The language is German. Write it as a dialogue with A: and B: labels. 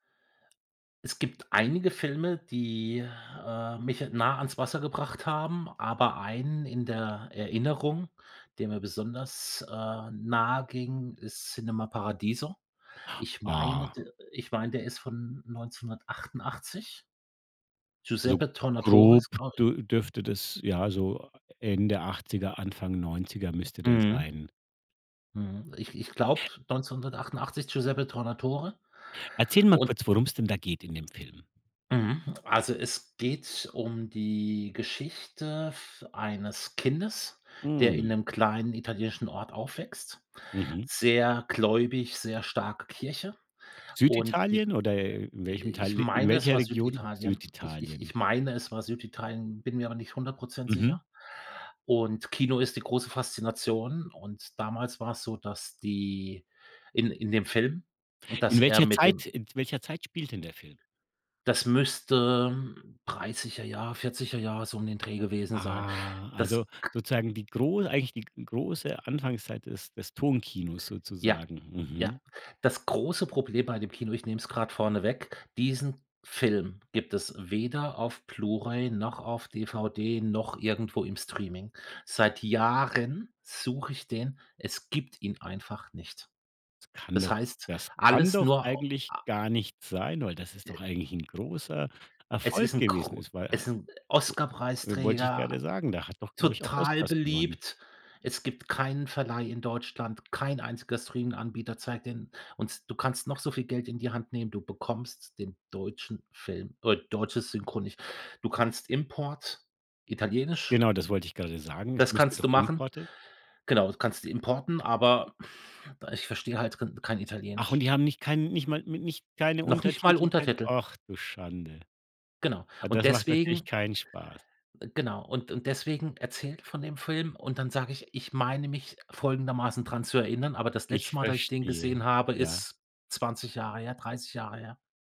A: Es gibt einige Filme, die, äh, mich nah ans Wasser gebracht haben, aber einen in der Erinnerung, der mir besonders, äh, nahe ging, ist Cinema Paradiso. Ich meine
B: Ah.
A: d ich meine, der ist von 1988.
B: So
A: Giuseppe Tornatore
B: grob
A: ist glau
B: d dürfte das ja, so Ende 80er, Anfang 90er müsste der
A: Mhm.
B: sein.
A: Mhm, ich ich glaube, 1988 Giuseppe Tornatore
B: Erzähl mal
A: und
B: kurz, worum es denn da geht in dem Film.
A: Mhm. Also, es geht um die Geschichte v eines Kindes, der in
B: Mhm.
A: 'nem kleinen italienischen Ort aufwächst,
B: Mhm.
A: sehr gläubig, sehr starke Kirche. Und i
B: Süditalien oder
A: äh,
B: welchem
A: ich
B: Teil in
A: meine, es
B: welcher
A: war
B: Region
A: Süditalien. Ich ich
B: Süditalien?
A: ich meine, es war Süditalien, bin mir aber nicht 100 %
B: Mhm.
A: sicher. Und Kino ist die große Faszination. Und damals war es so, dass die in in dem Film und dass
B: In
A: er
B: welcher
A: mit dem
B: Zeit, äh in welcher Zeit spielt denn der Film?
A: Das müsste 30er Jahre, 40er Jahre so um den Dreh gewesen sein.
B: Ah, also,
A: Das k
B: sozusagen die gro eigentlich die g große Anfangszeit des des Tonkinos
A: Ja,
B: sozusagen,
A: ja.
B: mhm.
A: Das große Problem bei dem Kino, ich nehme es gerade vorneweg, diesen Film gibt es weder auf Blue-ray noch auf DVD noch irgendwo im Streaming. Seit Jahren suche ich den, es gibt ihn einfach nicht.
B: Das kann
A: Das
B: doch
A: heißt,
B: das kann
A: alles
B: doch
A: nur o
B: eigentlich
A: a
B: gar nicht sein, weil das ist
A: Äh.
B: doch eigentlich 'n großer
A: Es ist
B: Erfolg
A: 'n
B: gewesen?
A: gro
B: Es war
A: es ist
B: halt
A: 'n
B: wollte ich gerade
A: Oscarpreisträger,
B: sagen, der hat doch, glaube ich, auch
A: total
B: Oscars gewonnen.
A: beliebt. Es gibt keinen Verleih in Deutschland, kein einziger Streaminganbieter zeigt den und du kannst noch so viel Geld in die Hand nehmen, du bekommst den deutschen Film, äh deutsches Synchro nicht. Du kannst Import italienisch
B: Genau, das wollte ich gerade sagen. Es
A: das
B: müsste
A: kannst du
B: doch
A: machen.
B: Importe
A: Genau, kannst du importieren, aber ich verstehe halt rin kein
B: Ach, und
A: Italienisch.
B: die haben nicht keinen nicht mal n nicht keine
A: Noch nicht mal
B: Untertitel, kein
A: Untertitel.
B: och, du Schande.
A: Genau.
B: Ah,
A: Und
B: das macht natürlich
A: deswegen
B: keinen Spaß.
A: Äh, genau. Und und deswegen erzähle ich von dem Film und dann sage ich, ich meine mich folgendermaßen dran zu erinnern, aber das letzte
B: Ich
A: Mal, dass ich den
B: verstehe,
A: gesehen habe,
B: ja.
A: ist 20 Jahre her, 30 Jahre her.